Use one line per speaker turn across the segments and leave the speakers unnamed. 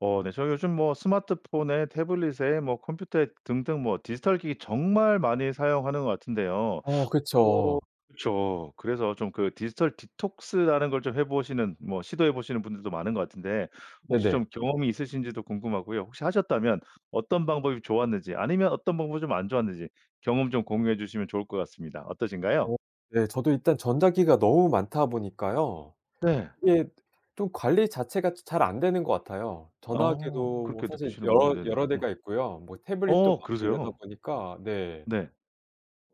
어 네 저 요즘 뭐 스마트폰에 태블릿에 뭐 컴퓨터에 등등 뭐 디지털 기기 정말 많이 사용하는 것 같은데요.
어
어
그쵸.
그쵸. 그래서 좀 그 디지털 디톡스 라는 걸 좀 해 보시는 뭐 시도해 보시는 분들도 많은 것 같은데 혹시
네네.
좀 경험이 있으신지도 궁금하고요. 혹시 하셨다면 어떤 방법이 좋았는지 아니면 어떤 방법은 좀 안 좋았는지 경험 좀 공유해 주시면 좋을 것 같습니다. 어떠신가요?
어 네. 저도 일단 전자기기가 너무 많다 보니까요.
네.
이게 좀 관리 자체가 자 잘 안 되는 것 같아요.
아.
전화기도
그렇게
사실
느끼시는군요.
여러
네네.
여러
어.
대가 있고요. 뭐 태블릿도
어
많고 이러다
그러세요?
보니까 네.
네.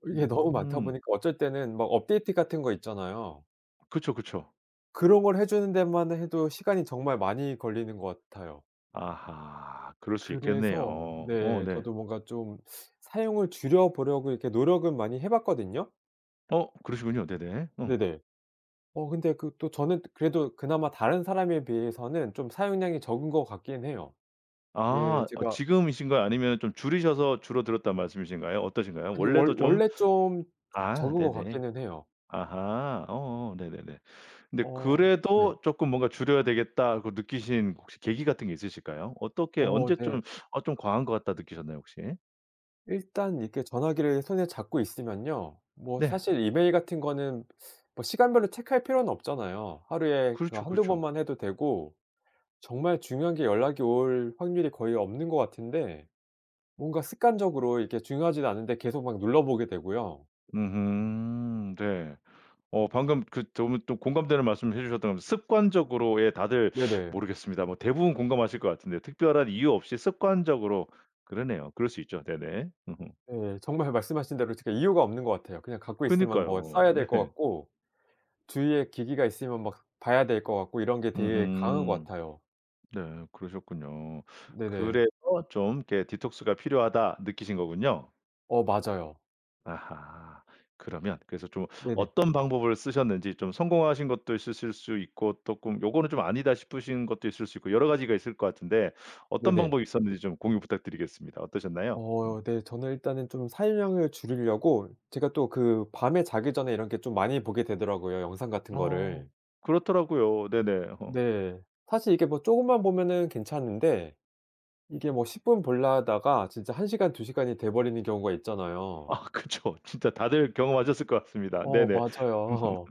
이게 너무 많다
음.
보니까 어쩔 때는 막 업데이트 같은 거 있잖아요.
그쵸, 그쵸.
그런 걸 해 주는 데만 해도 시간이 정말 많이 걸리는 것 같아요.
아하. 그럴 수 있겠네요.
그래서
어
네
네.
저도 뭔가 좀 사용을 줄여 보려고 이렇게 노력은 많이 해 봤거든요.
어! 그러시군요. 네네. 어.
네네. 어 근데 그 또 저는 그래도 그나마 다른 사람에 비해서는 좀 사용량이 적은 것 같긴 해요. 예
아 어
제가
지금이신 거예요 아니면 좀 줄이셔서 줄어 들었단 말씀이신가요? 어떠신가요?
아니
원래도
원
좀
원래 좀
아
적은 것
네네.
같기는 해요.
아하. 어어 네네네. 근데
어 네.
그래도 쪼끔 뭔가 줄여야 되겠다고 느끼신 혹시 계기 같은 게 있으실까요? 어떻게
어
언제
네.
좀 '어 좀 과한 것 같다.' 느끼셨나요 혹시?
일단 이렇게 전화기를 손에 잡고 있으면요. 뭐
네.
사실 이메일 같은 거는 뭐 시간별로 체크할 필요는 없잖아요. 하루에 그
그렇죠,
1-2
그렇죠.
번만 해도 되고 정말 중요한 게 연락이 올 확률이 거의 없는 것 같은데 뭔가 습관적으로 이렇게 중요하지는 않은데 계속 막 눌러 보게 되고요.
음음 네. 어 방금 그 너무 또 공감되는 말씀해 주셨던 게 습관적으로의 예 다들
네네.
모르겠습니다. 뭐 대부분 공감하실 것 같은데 특별한 이유 없이 습관적으로 그러네요. 그럴 수 있죠. 네네. 음음.
네. 정말 말씀하신 대로 특히 이유가 없는 것 같아요. 그냥 갖고 있으면 뭐
그니까요.
써야 될 것
네.
같고 주위에 기기가 있으면 막 봐야 될 것 같고 이런 게 되게 강한 것
음음.
같아요.
네 그러셨군요.
네네.
그래서 좀 이렇게' 디톡스가 필요하다.' 느끼신 거군요.
어 맞아요.
아하. 그러면 그래서 좀
네네.
어떤 방법을 쓰셨는지 좀 성공하신 것도 있으실 수 있고 쪼끔 요거는 좀 아니다 싶으신 것도 있을 수 있고 여러 가지가 있을 것 같은데 어떤
네네.
방법이 있었는지 좀 공유 부탁드리겠습니다. 어떠셨나요? 음.
어 네. 저는 일단은 좀 사용량을 줄이려고 제가 또 그 밤에 자기 전에 이렇게 좀 많이 보게 되더라고요 영상 같은
어.
거를.
그렇더라고요. 네네. 어.
네. 사실 이렇게 뭐 쪼금만 보면 괜찮은데 이게 뭐 10 분 보려다가 진짜 1 시간 2 시간이 돼 버리는 경우가 있잖아요.
아 그쵸. 진짜 다들 경험하셨을 것 같습니다.
어
네네.
맞아요.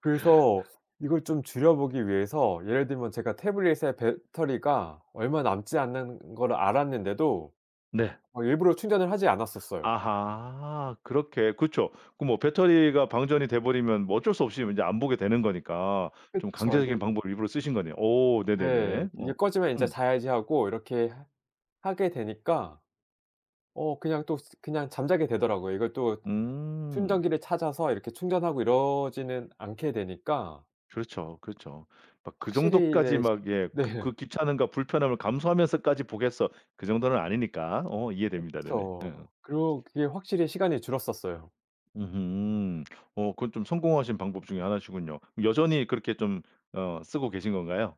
그래서 이걸 좀 줄여 보기 위해서 예를 들면 제가 태블릿에 배터리가 얼마 남지 않은 걸 알았는데도
네.
어 일부러 충전을 하지 않았었어요.
아하! 그렇게 그쵸. 그 뭐 배터리가 방전이 돼 버리면 뭐 어쩔 수 없이 인제 안 보게 되는 거니까 좀
그쵸. 이게
강제적인 방법을 일부러 쓰신 거네요. 오
네.
네네네. 어.
'이게 꺼지면 이제
음.
자야지.' 하고 이렇게 해 하게 되니까 어 그냥 또 스 그냥 잠자게 되더라고요. 이걸 또
음.
충전기를 찾아서 이렇게 충전하고 이러지는 않게 되니까
그렇죠, 그렇죠. 막 그
확실히
정도까지
네 시
막 예 '그 그
네.
귀찮음과 불편함을 감수하면서까지 보겠어.' 그 정도는 아니니까 어 이해됩니다. 네네.
그쵸.
으음
그리고 그게 확실히 시간이 줄었었어요.
음음. 어 그건 좀 성공하신 방법 중에 1 시군요. 여전히 그렇게 좀 어 쓰고 계신 건가요?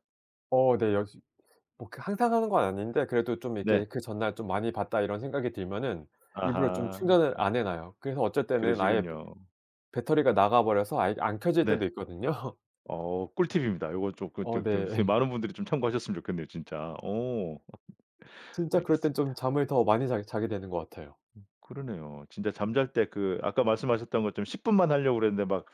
어 네. 여지 뭐 그 항상 하는 건 아닌데 그래도 좀
네.
이렇게 그 전날 '좀 많이 봤다.' 이런 생각이 들면은 일부러 좀
아하.
충전을
어.
안 해 놔요. 그래서 어쩔 때는 아예
그러시군요.
배터리가 나가 버려서 아예 안 켜질
네.
때도 있거든요.
어 꿀팁입니다. 요건 조그
어
조 조금 이렇게
네.
많은 분들이 참고하셨으면 좋겠네요 진짜. 오.
진짜 그럴 땐 좀
알겠습니다.
잠을 더 많이 자게 자게 되는 것 같아요.
음 그러네요. 진짜 잠잘 때 그 아까 말씀하셨던 것처럼 10 분만 하려고 그랬는데 막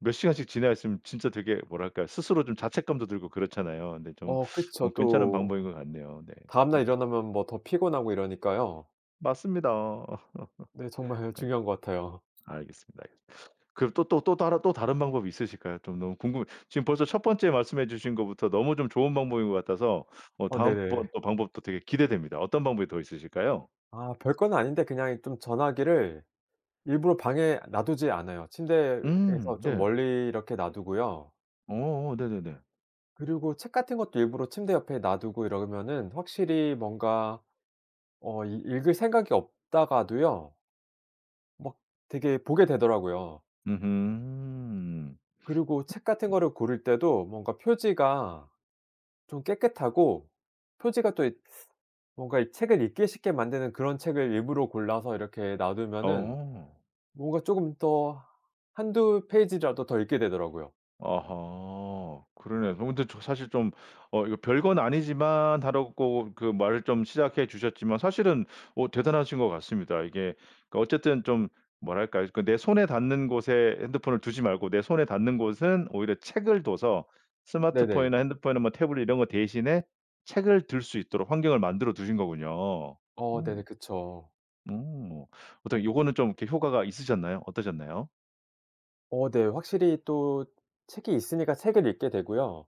몇 시간씩 지나 있으면 진짜 되게 뭐랄까 스스로 좀 자책감도 들고 그렇잖아요. 근데 좀
어 그쵸.
뭐 괜찮은
또
방법인 것 같네요. 네.
다음
음.
날 일어나면 뭐 더 피곤하고 이러니까요.
맞습니다.
네. 정말
아이고.
중요한 것 같아요.
알겠습니다, 알겠습니다. 그럼 또 또 또 따르 또 다른 방법이 있으실까요? 좀 너무 궁금해요. 지금 벌써 첫 번째 말씀해 주신 것부터 너무 좀 좋은 방법인 것 같아서 뭐
어
다음번
네네.
어 방법도 되게 기대됩니다. 어떤 방법이 더 있으실까요?
아 별건 아닌데 그냥 좀 전화기를 일부러 방에 놔 두지 않아요.
음.
침대에서 좀
네.
멀리 이렇게 놔 두고요.
어. 네네네.
그리고 책 같은 것도 일부러 침대 옆에 놔 두고 이러면은 확실히 뭔가 어 읽 읽을 생각이 없다가도요 막 되게 보게 되더라고요.
으흠.
그리고 책 같은 거를 고를 때도 뭔가 표지가 좀 깨끗하고 표지가 또 있 뭔가 책을 읽기 쉽게 만드는 그런 책을 일부러 골라서 이렇게 놔 두면은
어.
뭔가 쪼금 더 1-2 페이지라도 더 읽게 되더라고요.
아하. 그러네요. 저 근데 사실 좀 "어 이거 별건 아니지만" 하라고 그 말을 좀 시작해 주셨지만 사실은 어 대단하신 것 같습니다. 이게 그 어쨌든 좀 뭐랄까 그 내 손에 닿는 곳에 핸드폰을 두지 말고 내 손에 닿는 곳은 오히려 책을 둬서
네네.
스마트폰이나 핸드폰이나 뭐 태블릿 이런 거 대신에 책을 들 수 있도록 환경을 만들어 두신 거군요.
어
음.
네네. 그쵸.
음. 어 어떻게 요거는 좀 이렇게 효과가 있으셨나요? 어떠셨나요?
어 네. 확실히 또 책이 있으니까 책을 읽게 되고요.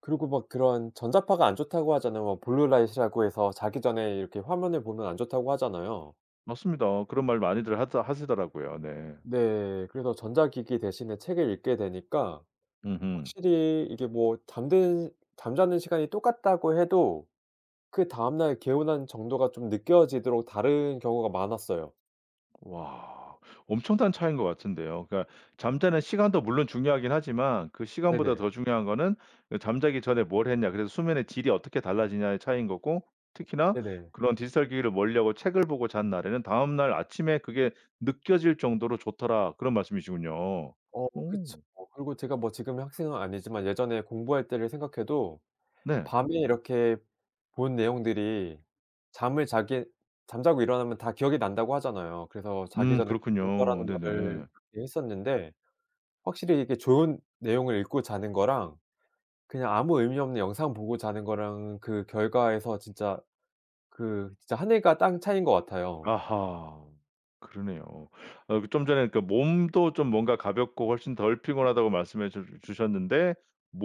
그리고 막 그런 전자파가 안 좋다고 하잖아요. 뭐 블루 라이트라고 해서 자기 전에 이렇게 화면을 보면 안 좋다고 하잖아요.
맞습니다. 그런 말 많이들 하다 하시더라고요. 네.
네. 그래서 전자기기 대신에 책을 읽게 되니까
음음.
확실히 이게 뭐 잠드 잠자는 시간이 똑같다고 해도 그 다음날 개운한 정도가 좀 느껴지도록 다른 경우가 많았어요.
와. 엄청난 차이인 것 같은데요? 그러니까 잠자는 시간도 물론 중요하긴 하지만 그 시간보다
네네.
더 중요한 거는 예 잠자기 전에 뭘 했냐 그래서 수면의 질이 어떻게 달라지냐의 차이인 거고 특히나
네네.
그런 디지털 기기를 멀리하고 책을 보고 잔 날에는 다음날 아침에 "그게 느껴질 정도로 좋더라." 그런 말씀이시군요.
어
오.
그쵸. 그리고 제가 뭐 지금은 학생은 아니지만 예전에 공부할 때를 생각해도
네.
밤에 이렇게 본 내용들이 잠을 자게 잠자고 일어나면 다 기억이 난다고 하잖아요. 그래서 자기
음
전에
그렇군요.
공부하라는 말을
네네네.
예 했었는데 확실히 이게 좋은 내용을 읽고 자는 거랑 그냥 아무 의미 없는 영상 보고 자는 거랑은 그 결과에서 진짜 그 진짜 하늘과 땅 차이인 것 같아요.
아하. 그러네요. 아 그 좀 전에 그러니까 몸도 좀 뭔가 가볍고 훨씬 덜 피곤하다고 말씀해 주 주셨는데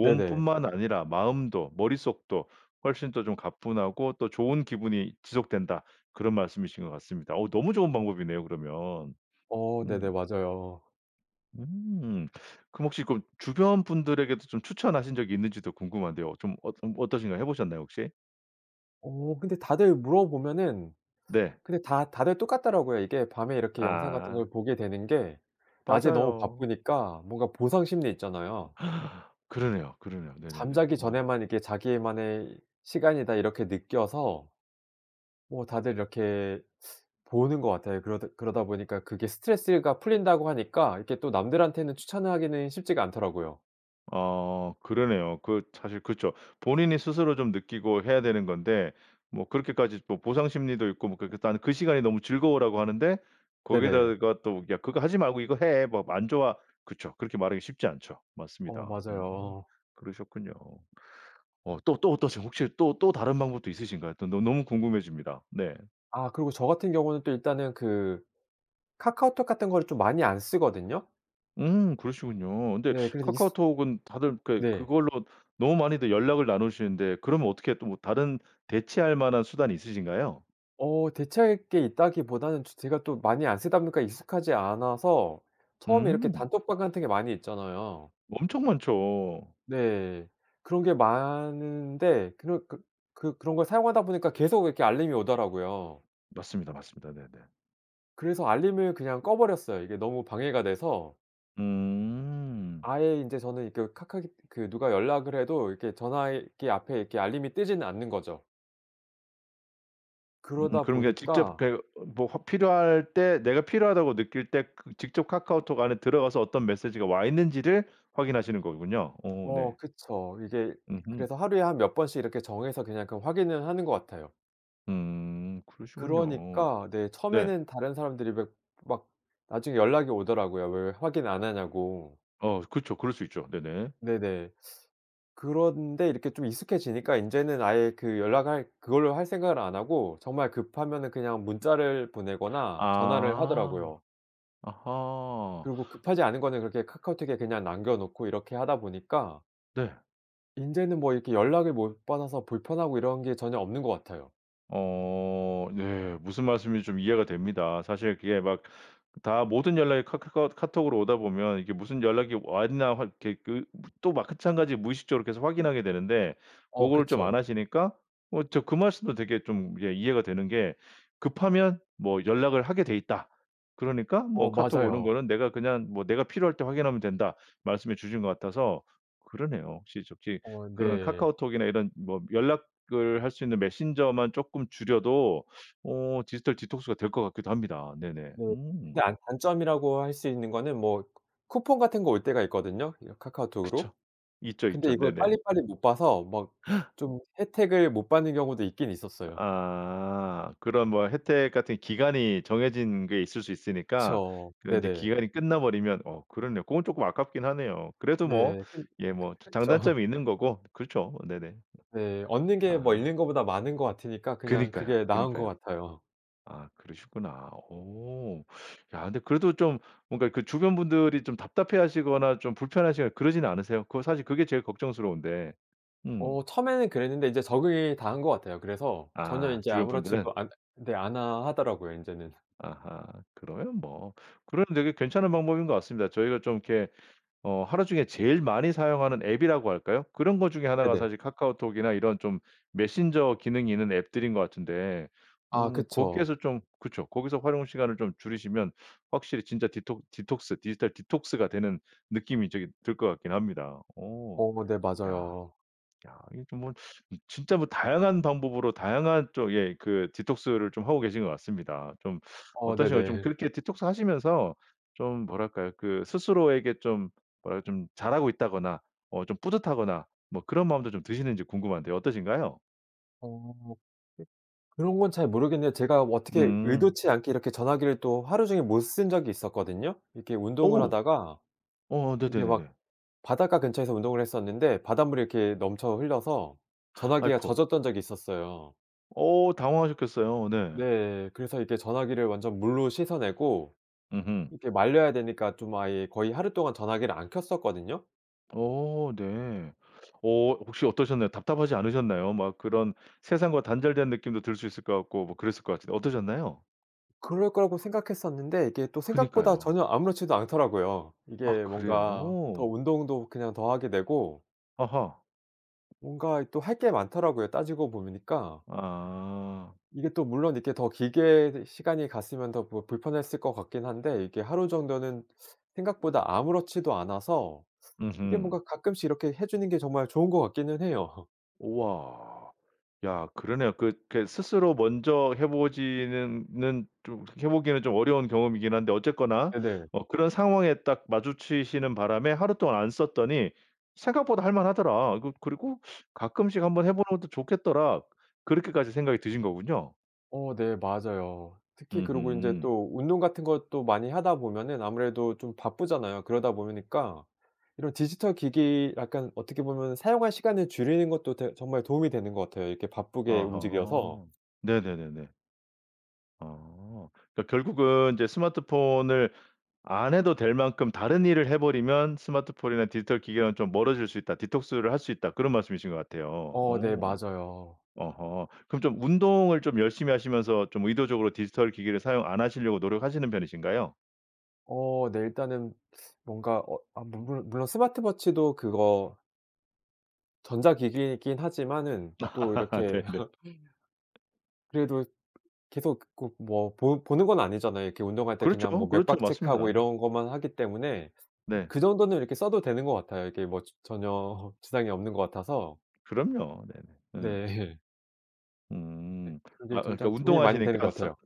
네네.
아니라 마음도 머릿속도 훨씬 더 좀 가뿐하고 또 좋은 기분이 지속된다 그런 말씀이신 것 같습니다. 어 너무 좋은 방법이네요 그러면.
어
음.
네네. 맞아요.
음. 그럼 혹시 그 주변 분들에게도 좀 추천하신 적이 있는지도 궁금한데요. 좀 엇 음 어떠신가요? 해 보셨나요 혹시?
어 근데 다들 물어보면은
네.
근데 다 다들 똑같더라고요. 이게 밤에 이렇게 영상 같은
아.
걸 보게 되는 게 낮에 너무
맞아요.
바쁘니까 뭔가 보상심리 있잖아요.
그러네요, 그러네요. 네네네.
잠자기
어.
전에만 이게 자기만의 시간이다 이렇게 느껴서 뭐 다들 이렇게 보는 것 같아요. 그러드 그러다 보니까 그게 스트레스가 풀린다고 하니까 이렇게 또 남들한테는 추천하기는 쉽지가 않더라고요.
아 그러네요. 그 사실 그쵸. 본인이 스스로 좀 느끼고 해야 되는 건데 뭐 그렇게까지 뭐 보상심리도 있고 뭐 그렇게 "난 그 시간이 너무 즐거워."라고 하는데
네네.
거기에다가 또 "야 그거 하지 말고 이거 해. 막 안 좋아." 그쵸. 그렇게 말하기 쉽지 않죠.
어
맞습니다. 오.
맞아요.
그러셨군요. 어 또 또 어떠세요? 혹시 또 또 다른 방법도 있으신가요? 또 너 너무 궁금해집니다. 네.
아 그리고 저 같은 경우는 또 일단은 그 카카오톡 같은 걸 좀 많이 안 쓰거든요.
음 그러시군요. 근데
네. 그래도 있으
카카오톡은 다들 그게
네.
그걸로 너무 많이들 연락을 나누시는데 그러면 어떻게 또 뭐 다른 대체할 만한 수단이 있으신가요?
어 대체할 게 있다기보다는 조 제가 또 많이 안 쓰다 보니까 익숙하지 않아서 처음에 이렇게
음.
단톡방 같은 게 많이 있잖아요.
엄청 많죠.
네. 그런 게 많은데 그런 그 그런 걸 사용하다 보니까 계속 이렇게 알림이 오더라고요.
맞습니다. 맞습니다. 네네.
그래서 알림을 그냥 꺼버렸어요 이게 너무 방해가 돼서.
음.
아예 인제 저는 이 그 카카기 그 누가 연락을 해도 이렇게 전화기 앞에 알림이 뜨지는 않는 거죠.
음
그러다
그런 게 직접
보니까
그러니까 요 뭐 필요할 때 내가 필요하다고 느낄 때 그 직접 카카오톡 안에 들어가서 어떤 메시지가 와 있는지를 확인하시는 거군요. 어 네.
어 그쵸. 이게
음음.
그래서 하루에 한 몇 번씩 이렇게 정해서 그냥 그 확인을 하는 것 같아요.
음. 그러시군요.
그러니까 네
네.
처음에는 다른 사람들이 왜 막 나중에 연락이 오더라고요 왜 왜 확인 안 하냐고.
어 그쵸. 그럴 수 있죠. 네네.
네네. 그런데 이렇게 좀 익숙해지니까 인제는 아예 그 연락할 그걸로 할 생각을 안 하고 정말 급하면은 그냥 문자를 보내거나 전화를
아.
하더라고요.
아하.
그리고 급하지 않은 거는 그렇게 카카오톡에 그냥 남겨 놓고 이렇게 하다 보니까
네.
인제는 뭐 이렇게 연락을 못 받아서 불편하고 이런 게 전혀 없는 것 같아요.
어 네. 무슨 말씀인지 좀 이해가 됩니다. 사실 그게 막 다 모든 연락이 카카커 카톡으로 오다 보면 이게 무슨 연락이 왔나 확 게 그 또 마찬가지 무의식적으로 계속 확인하게 되는데
어
고거를 좀 안
그쵸.
하시니까 어 진짜 그 말씀도 되게 좀 예 이해가 되는 게 "급하면 뭐 연락을 하게 돼 있다. 그러니까 뭐
어
카톡 오는
맞아요.
거는 내가 그냥 뭐 내가 필요할 때 확인하면 된다." 말씀해 주신 것 같아서 그러네요 혹시 저 기
어
그런
네.
카카오톡이나 이런 뭐 연락을 할 수 있는 메신저만 쪼끔 줄여도 오 디지털 디톡스가 될 것 같기도 합니다. 네네
네.
음.
근데 아 단점이라고 할 수 있는 거는 뭐 쿠 쿠폰 같은 거 올 때가 있거든요, 이
그쵸.
카카오톡으로?
있죠,
근데
있죠.
이걸
네네.
빨리빨리 못 봐서 막 좀 혜택을 못 받는 경우도 있긴 있었어요.
아. 그런 뭐 혜택 같은 기간이 정해진 게 있을 수 있으니까
그쵸.
그런 인제
네네.
기간이 끝나버리면 어 그렇네요. 그건 조금 아깝긴 하네요. 그래도 뭐
네 근
예 뭐 자
그 그쵸.
장단점이 있는 거고 그렇죠. 네네.
네. 얻는 게 뭐
아.
잃는 겻보다 많은 것 같으니까 그냥
그니까요.
그게 나은 것
그니까요.
같아요.
아 그러셨구나. 오. 야 그래도 좀 뭔가 그 주변 분들이 좀 답답해하시거나 좀 불편하시거나 그러진 않으세요? 그거 사실 그게 제일 걱정스러운데. 음.
어 처음에는 그랬는데 이제 적응이 다 한 것 같아요. 그래서 전혀
아.
인제
주변분들은?
아무렇지도 않 네 않아 하더라고요 인제는.
아하. 그러면 뭐 그러면 되게 괜찮은 방법인 것 같습니다. 저희가 좀 이렇게 어 하루 중에 제일 많이 사용하는 앱이라고 할까요? 그런 것 중에 1 가
네네.
사실 카카오톡이나 이런 좀 메신저 기능이 있는 앱들인 것 같은데
아
어
그쵸.
거기에서 좀 그쵸. 거기서 활용 시간을 좀 줄이시면 확실히 진짜 디톡 디톡스 디지털 디톡스가 되는 느낌이 되게 들 것 같긴 합니다. 오.
어 네
야
맞아요.
야 이게 좀 뭐 진짜 다양한 방법으로 다양한 쪽의 그 디톡스를 좀 하고 계신 것 같습니다. 좀
어
어떠신가요? 좀
네네.
그렇게 디톡스를 하시면서 좀 뭐랄까요? 그 스스로에게 좀 뭐라 그럴까 좀 잘하고 있다거나 어 좀 뿌듯하거나 뭐 그런 마음도 좀 드시는지 궁금한데 어떠신가요?
어 그런 건 잘 모르겠는데 제가 어떻게
음.
의도치 않게 이렇게 전화기를 또 하루 종일 못 쓴 적이 있었거든요. 이렇게 운동을
오.
하다가
어
이게 막
네네네네.
바닷가 근처에서 운동을 했었는데 바닷물이 이렇게 넘쳐 흘려서 전화기가
아이코.
젖었던 적이 있었어요.
어 당황하셨겠어요 네.
네. 그래서 이렇게 전화기를 완전 물로 씻어내고
음음.
이렇게 말려야 되니까 좀 아예 거의 하루 동안 전화기를 안 켰었거든요.
어 네. 어 혹시 어떠셨나요? 답답하지 않으셨나요? 막 그런 세상과 단절된 느낌도 들 수 있을 것 같고 뭐 그랬을 것 같은데 어떠셨나요?
그럴 거라고 생각했었는데 이게 또 생각보다
그니까요.
전혀 아무렇지도 않더라고요.
아
이게 뭔가 더
그래요?
운동도 그냥 더 하게 되고
아하.
뭔가 이 또 할 게 많더라고요 따지고 보니까.
아.
이게 또 물론 이렇게 더 길게 더 시간이 갔으면 더 불 불편했을 것 같긴 한데 이렇게 하루 정도는 생각보다 아무렇지도 않아서 이게
음음.
뭔가 가끔씩 이렇게 해 주는 게 정말 좋은 것 같기는 해요.
오와. 야 그러네요. 그게 스스로 먼저 해 보지는 는 좀 그 해 보기는 좀 어려운 경험이긴 한데 어쨌거나
네네.
어 그런 상황에 딱 마주치시는 바람에 하루 동안 안 썼더니 '생각보다 할 만하더라.' 그 그리고 '가끔씩 1 번 해 보는 것도 좋겠더라.' 그렇게까지 생각이 드신 거군요.
어 네 맞아요. 특히 그리고 인제
음음.
또 운동 같은 것도 많이 하다 보면은 아무래도 좀 바쁘잖아요. 그러다 보니까 이런 디지털기기 약간 어떻게 보면은 사용할 시간을 줄이는 것도 되 정말 도움이 되는 것 같아요. 이렇게 바쁘게 움직여서
아하. 네네네네. 아. 그러니까 결국은 "이제 스마트폰을 안 해도 될 만큼 다른 일을 해 버리면 스마트폰이나 디지털 기계는 좀 멀어질 수 있다. 디톡스를 할 수 있다." 그런 말씀이신 것 같아요.
어 네
어.
맞아요.
아하. 그럼 좀 운동을 좀 열심히 하시면서 좀 의도적으로 디지털 기계를 사용 안 하시려고 노력하시는 편이신가요?
어 네 일단은 뭔가 어 아 물 물 물론 스마트 워치도 그거 전자기기이긴 하지만은 또 이렇게
네네.
그래도 계속 그 고 뭐 보 보는 건 아니잖아요. 이렇게 운동할 때
그렇죠.
그냥 뭐
그렇죠.
맥박 체크하고
맞습니다.
이런 것만 하기 때문에
네.
그 정도는 이렇게 써도 되는 것 같아요, 이렇게 뭐 저 전혀 지장이 없는 것 같아서.
그럼요. 네네. 음.
네 네
음.
그게
아 그러니까
진짜 도움이 많이 되는
운동하시니까
것
스
같아요.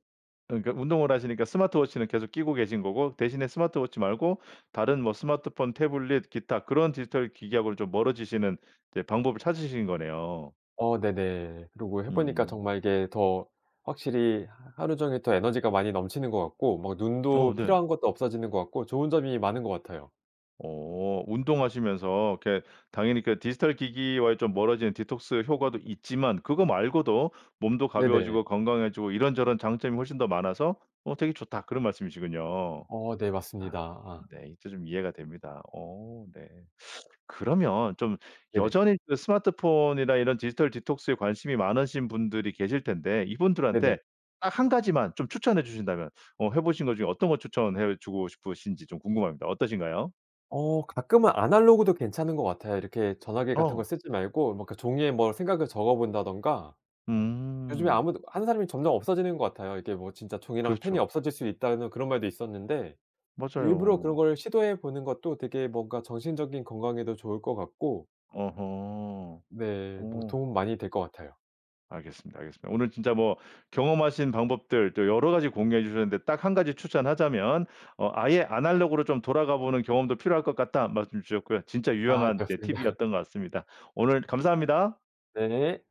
그러니까 운동을 하시니까 스마트 워치는 계속 끼고 계신 거고 대신에 스마트 워치 말고 다른 뭐 스마트폰, 태블릿 기타 그런 디지털 기기하고 좀 멀어지시는 이제 방법을 이제 찾으신 거네요.
어 네네. 그리고 해 보니까
음.
정말 이게 더 확실히 하 하루 종일 더 에너지가 많이 넘치는 것 같고 막
어
눈도
네.
피로한 것도 없어지는 것 같고 좋은 점이 많은 것 같아요.
어. 운동하시면서 이렇게 당연히 그 디지털 기기와의 좀 멀어지는 디톡스 효과도 있지만 그거 말고도 몸도
네네.
가벼워지고 건강해지고 "이런저런 장점이 훨씬 더 많아서 어 되게 좋다." 그런 말씀이시군요.
어 네 맞습니다.
아.
아.
네 이제 좀 이해가 됩니다. 어 네. 그러면 좀
네네.
여전히 그 스마트폰이나 이런 디지털 디톡스에 관심이 많으신 분들이 계실 텐데 이분들한테
네네.
딱 1 가지만 좀 추천해 주신다면 어 해 보신 것 중에 어떤 것 추천해 주고 싶으신지 좀 궁금합니다. 어떠신가요?
어 가끔은 아날로그도 괜찮은 것 같아요. 이렇게 전화기 같은 거
어!
쓰지 말고 막 그 종이에 뭐 생각을 적어 본다든가 요즘에
음.
아무도 하는 사람이 점점 없어지는 것 같아요. 이게 뭐 진짜 종이랑 펜이
그렇죠.
없어질 수 있다는 그런 말도 있었는데 일부러 그런
맞아요.
걸 시도해 보는 것도 되게 뭔가 정신적인 건강에도 좋을 것 같고
어허.
네. 뭐
오.
도움 많이 될 것 같아요.
알겠습니다, 알겠습니다. 오늘 진짜 뭐 경험하신 방법들 또 여러 가지 공유해 주셨는데 딱 1 가지 추천하자면 어 "아예 아날로그로 좀 돌아가 보는 경험도 필요할 것 같다." 말씀 주셨고요. 진짜
아 네,
유용한 네
맞습니다.
팁이었던 것 같습니다. 오늘 감사합니다.
네.